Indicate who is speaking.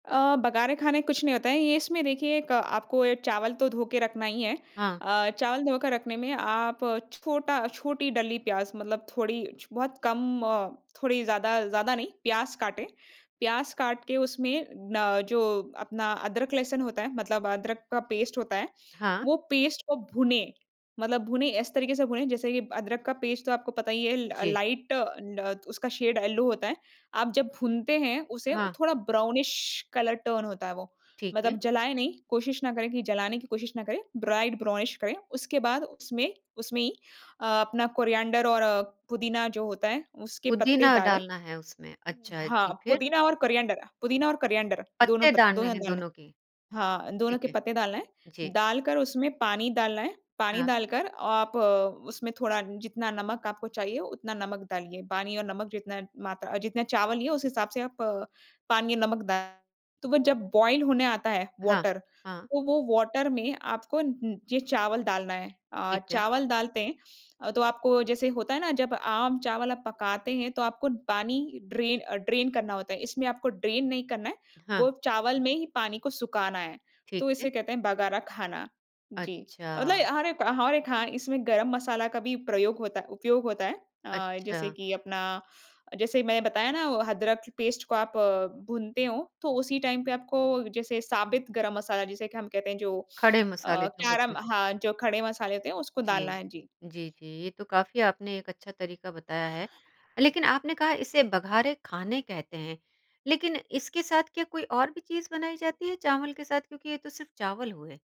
Speaker 1: अ, बगारे खाने कुछ नहीं होता है ये इसमें देखिए एक आपको ए चावल तो धो के रखना ही है,
Speaker 2: हाँ।
Speaker 1: अ, चावल धो के रखने में आप छोटा छोटी डली प्याज़ मतलब थोड़ी छ बहुत कम अ, थोड़ी ज़्यादा, ज़्यादा नहीं प्याज़ काटें, प्याज़ काट के उसमें ना जो अपना अदरक-लहसुन होता है मतलब अदरक का पेस्ट होता है
Speaker 2: हाँ।
Speaker 1: वो पेस्ट को भूनें। मतलब भूनें इस तरीके से भूनें जैसे कि अदरक का पेस्ट तो आपको पता ही है ल
Speaker 2: जी।
Speaker 1: लाइट ड उसका शेड येलो होता है। आप जब भूनते हैं उसे वो
Speaker 2: हाँ।
Speaker 1: थोड़ा ब्राउनिश कलर टर्न होता है वो,
Speaker 2: ठीक है।
Speaker 1: मतलब जलाए नहीं, कोशिश ना करें कि जलाने की कोशिश ना करें, ब्राइट ब्राउनिश करें। उसके बाद उसमें उसमें ही अ, अपना कोरिएंडर और पुदीना जो होता है उसके पत्ते
Speaker 2: पुदीना
Speaker 1: डालें।
Speaker 2: डालना है उसमें। अच्छा,
Speaker 1: हाँ,
Speaker 2: जी। फिर?
Speaker 1: पुदीना और कोरिएंडर पुदीना और कोरिएंडर, दोनों
Speaker 2: पत्ते
Speaker 1: पत
Speaker 2: डालने
Speaker 1: दोनों
Speaker 2: हैं
Speaker 1: डालें।
Speaker 2: दोनों के।
Speaker 1: हाँ, दोनों
Speaker 2: ठीक
Speaker 1: के
Speaker 2: है।
Speaker 1: पत्ते डालना है।
Speaker 2: जी।
Speaker 1: डालकर उसमें पानी डालना है, पानी
Speaker 2: हाँ।
Speaker 1: डालकर आप उसमें थोड़ा जितना नमक आपको चाहिए उतना नमक डालिए, पानी और नमक जितना मात्रा जितने चावल लिए उस हिसाब से आप पानी नमक द तो वो जब बॉयल होने आता है
Speaker 2: हाँ।
Speaker 1: वाटर,
Speaker 2: हाँ।
Speaker 1: तो वो वाटर में आपको उं ये चावल डालना है। अ,
Speaker 2: ठीक है।
Speaker 1: चावल डालते हैं अ, तो आपको जैसे होता है ना जब आम चावल आप पकाते हैं तो आपको पानी ड्रेन अ, ड्रेन करना होता है, इसमें आपको ड्रेन नहीं करना है वो
Speaker 2: हाँ।
Speaker 1: चावल में ही पानी को सुखाना है, तो
Speaker 2: ठीक है।
Speaker 1: इसे कहते हैं बगारा खाना, जी। मतलब
Speaker 2: अच्छा।
Speaker 1: हर एक हर एक हाँ, इसमें गरम मसाला का भी प्रयोग होता उपयोग होता है अ, जैसे
Speaker 2: अच्छा।
Speaker 1: कि अपना जैसे मैं बताया ना वो अदरक पेस्ट को आप अ, भूनते हो तो उसी टाइम पे आपको जैसे साबित गरम मसाला जिसे कि हम कहते हैं जो
Speaker 2: खड़े
Speaker 1: अ,
Speaker 2: मसाले जो होते
Speaker 1: कैरम
Speaker 2: हैं।
Speaker 1: हाँ, जो खड़े मसाले होते हैं, उसको
Speaker 2: जी।
Speaker 1: डालना है। जी।
Speaker 2: जी, जी ये तो काफ़ी आपने एक अच्छा तरीका बताया है लेकिन आपने कहा इसे बघारे खाने कहते हैं। लेकिन इसके साथ क्या कोई और भी चीज़ बनाई जाती है चावल के साथ क्योंकि ये तो सिर्फ़ चावल हुए?